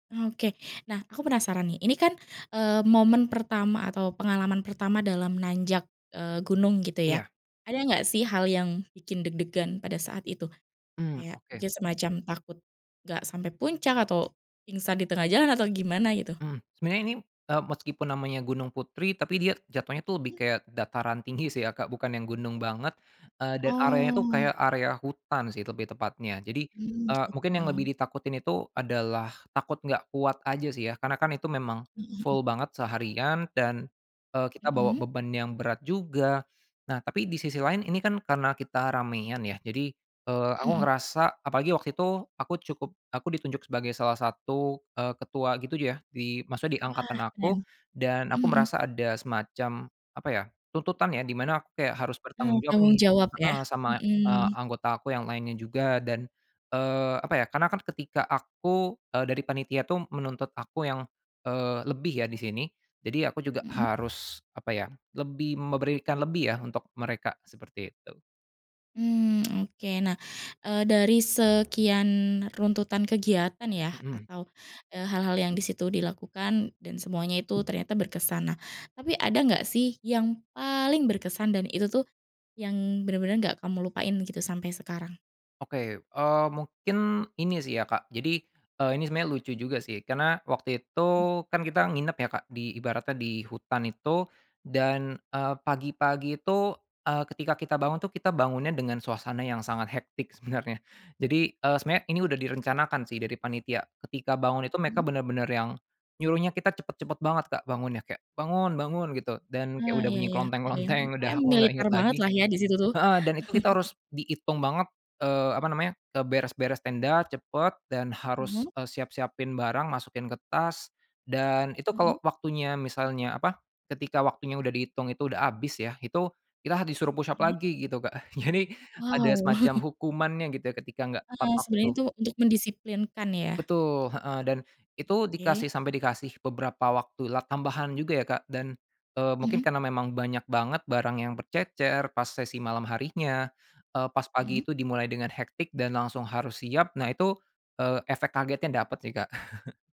Oke, nah, aku penasaran nih, ini kan, eee, momen pertama atau pengalaman pertama dalam nanjak, eee, gunung gitu ya? Iya. Ada nggak sih hal yang bikin deg-degan pada saat itu? Mmm, Kayak oke. mungkin semacam takut, gak sampai puncak atau pingsan di tengah jalan atau gimana gitu? Mmm, sebenarnya ini, eee, meskipun namanya Gunung Putri tapi dia jatuhnya tuh lebih Mmm. kayak dataran tinggi sih ya Kak, bukan yang gunung banget, eee, dan areanya tuh Oh. kayak area hutan sih lebih tepatnya jadi, Mmm, eee, mungkin yang gitu. lebih ditakutin itu adalah takut gak kuat aja sih ya karena kan itu memang, Mhm mhm. full banget seharian dan, eee, kita bawa Mhm. beban yang berat juga, nah tapi di sisi lain ini kan karena kita ramean ya jadi, eee, Mmm, aku mhm. ngerasa apalagi waktu itu aku cukup aku ditunjuk sebagai salah satu, eee, ketua gitu ya di maksudnya di Wah angkatan keren, aku dan aku mhm. merasa ada semacam, apa ya, tuntutan ya di mana aku kayak harus bertanggung Oh jawab tanggung nih, jawab ya? heeh, sama, eee, mhm. anggota aku yang lainnya juga dan, eee, apa ya karena kan ketika aku eee, dari panitia tuh menuntut aku yang, eee, lebih ya di sini, jadi ya aku juga Mhm. harus apa ya, lebih memberikan lebih ya untuk mereka, seperti itu. Mmm, oke nah, eee, dari sekian runtutan kegiatan ya Mhm. atau, eee, hal-hal yang di situ dilakukan dan semuanya itu ternyata berkesan nah tapi ada gak sih yang paling berkesan dan itu tuh, yang bener-bener gak kamu lupain gitu sampai sekarang? Oke, eee, mungkin ini sih ya Kak jadi, eee, ini sebenarnya lucu juga sih karena waktu itu Mmm. kan kita nginep ya Kak di ibaratnya di hutan itu, dan, eee, pagi-pagi itu, eee, ketika kita bangun tuh kita bangunnya dengan suasana yang sangat hectic sebenarnya, jadi, eee, sebenarnya ini udah direncanakan sih dari panitia, ketika bangun itu Mmm. mereka bener-bener yang, nyuruhnya kita cepat-cepat banget Kak bangunnya kayak, "Bangun bangun," gitu, dan kayak Oh udah iya bunyi iya klonteng kebayang, klonteng pokoknya udah aku gak militer inget banget lagi, lah ya di situ tuh. heeh, dan itu kita harus diitung banget, eee, apa namanya, eee, beres-beres tenda cepet dan harus, Mhm. eee, siap-siapin barang masukin ke tas, dan itu Mhm. kalau waktunya misalnya apa, ketika waktunya udah dihitung itu udah habis ya, itu kita disuruh push up Mmm. lagi gitu, Kak, jadi ada Wow. semacam hukumannya gitu ya ketika nggak tepat Eee, sebenernya waktu. itu untuk mendisiplinkan ya? Betul, heeh, dan itu dikasih Oke. sampai dikasih beberapa waktulah, tambahan juga ya Kak, dan, eee, mungkin Mhm. karena memang banyak banget barang yang bercecer pas sesi malam harinya, eee, pas pagi Mhm. itu dimulai dengan hectic dan langsung harus siap, nah itu, eee, efek kagetnya dapat sih Kak.